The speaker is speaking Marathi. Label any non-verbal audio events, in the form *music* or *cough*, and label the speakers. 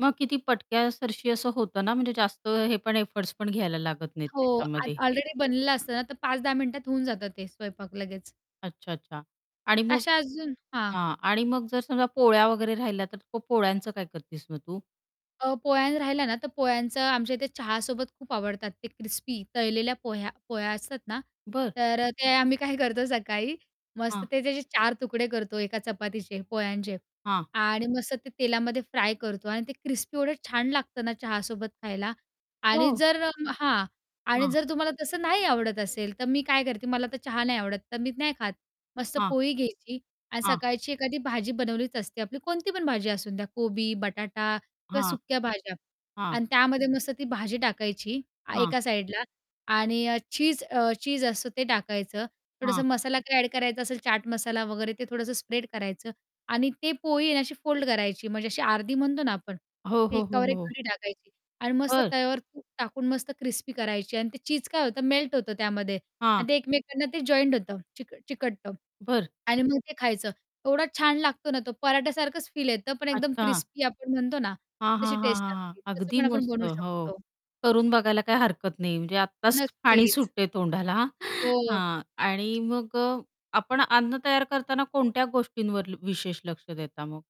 Speaker 1: मग किती पटक्यासारशी असं होतं ना, म्हणजे जास्त हे पण एफर्ट्स पण घ्यायला लागत नाहीत
Speaker 2: हो, आ
Speaker 1: त्याच्यामध्ये.
Speaker 2: ऑलरेडी बनलेलं असतं ना, तर 5-10 मिनिटात होऊन जातं ते स्वयंपाक लगेच.
Speaker 1: अच्छा-अच्छा. आणि मग
Speaker 2: अशा अजून हां.
Speaker 1: हां. आणि मग जर समजा पोळ्या वगैरे राहिल्या, तर तो पोळ्यांचं काय करतीस मग तू?
Speaker 2: अ, पोळ्या राहिल्या ना, तर पोळ्यांचं आमच्या इथे चहासोबत खूप आवडतात ते क्रिस्पी तळलेल्या पोह्या पोळ्या असतात ना,
Speaker 1: बरं.
Speaker 2: तर अ, ते आम्ही काय करतो सकाळी मस्त
Speaker 1: हां.
Speaker 2: ते त्याचे 4 तुकडे करतो एका चपातीचे, पोळ्यांचे
Speaker 1: हां.
Speaker 2: आणि मस्त ते तेलामध्ये फ्राय करतो आणि ते क्रिस्पी एवढं छान लागतं ना चहासोबत खायला आणि
Speaker 1: हो.
Speaker 2: जर अं, हां आणि
Speaker 1: हां.
Speaker 2: जर तुम्हाला तसं नाही आवडत असेल, तर मी काय करते मला तर चहा नाही आवडत, तर मी नाही खात. मस्त
Speaker 1: हां.
Speaker 2: पोळी घ्यायची आणि
Speaker 1: हां.
Speaker 2: सकाळची एखादी भाजी बनवलीच असते आपली. कोणती पण भाजी असून द्या कोबी, बटाटा किंवा
Speaker 1: हां.
Speaker 2: सुक्या भाज्या.
Speaker 1: हां.
Speaker 2: आणि त्यामध्ये मस्त ती भाजी टाकायची
Speaker 1: हां.
Speaker 2: एका साईडला आणि चीज अ, चीज असतं ते टाकायचं थोडासा
Speaker 1: हां.
Speaker 2: मसाला काही ॲड करायचा असेल चाट मसाला वगैरे ते थोडंसं स्प्रेड करायचं आणि ते पोळी आणि अशी फोल्ड करायची म्हणजे अशी अर्धी म्हणतो ना आपण
Speaker 1: हो, हो, हो,
Speaker 2: एकावर एक
Speaker 1: हो.
Speaker 2: घडी टाकायची. आणि मस्त
Speaker 1: बरं.
Speaker 2: तव्यावर तूप टाकून मस्त क्रिस्पी करायची आणि ते चीज काय होतं मेल्ट होतं त्यामध्ये
Speaker 1: हां.
Speaker 2: आणि ते एकमेकांना ते जॉईंट होतं, चिक चिकटतं.
Speaker 1: बरं.
Speaker 2: आणि मग ते खायचं. एवढा छान लागतो ना तो पराठ्यासारखंच फील येतं पण एकदम
Speaker 1: अच्छा.
Speaker 2: क्रिस्पी आपण म्हणतो ना
Speaker 1: हां, हां,
Speaker 2: तशी
Speaker 1: हां,
Speaker 2: टेस्ट
Speaker 1: हां, हां.
Speaker 2: लागते तसं
Speaker 1: अगदी
Speaker 2: पण आपण
Speaker 1: मस्त,
Speaker 2: बनवू
Speaker 1: हो.
Speaker 2: शकतो.
Speaker 1: करून बघायला काही हरकत नाही म्हणजे आत्ताच पाणी
Speaker 2: नक्कीच.
Speaker 1: सुटते तोंडाला. *chuckles* हां,
Speaker 2: हो.
Speaker 1: हां. आणि मग अ, आपण अन्न तयार करताना कोणत्या गोष्टींवर ल विशेष लक्ष देता मग?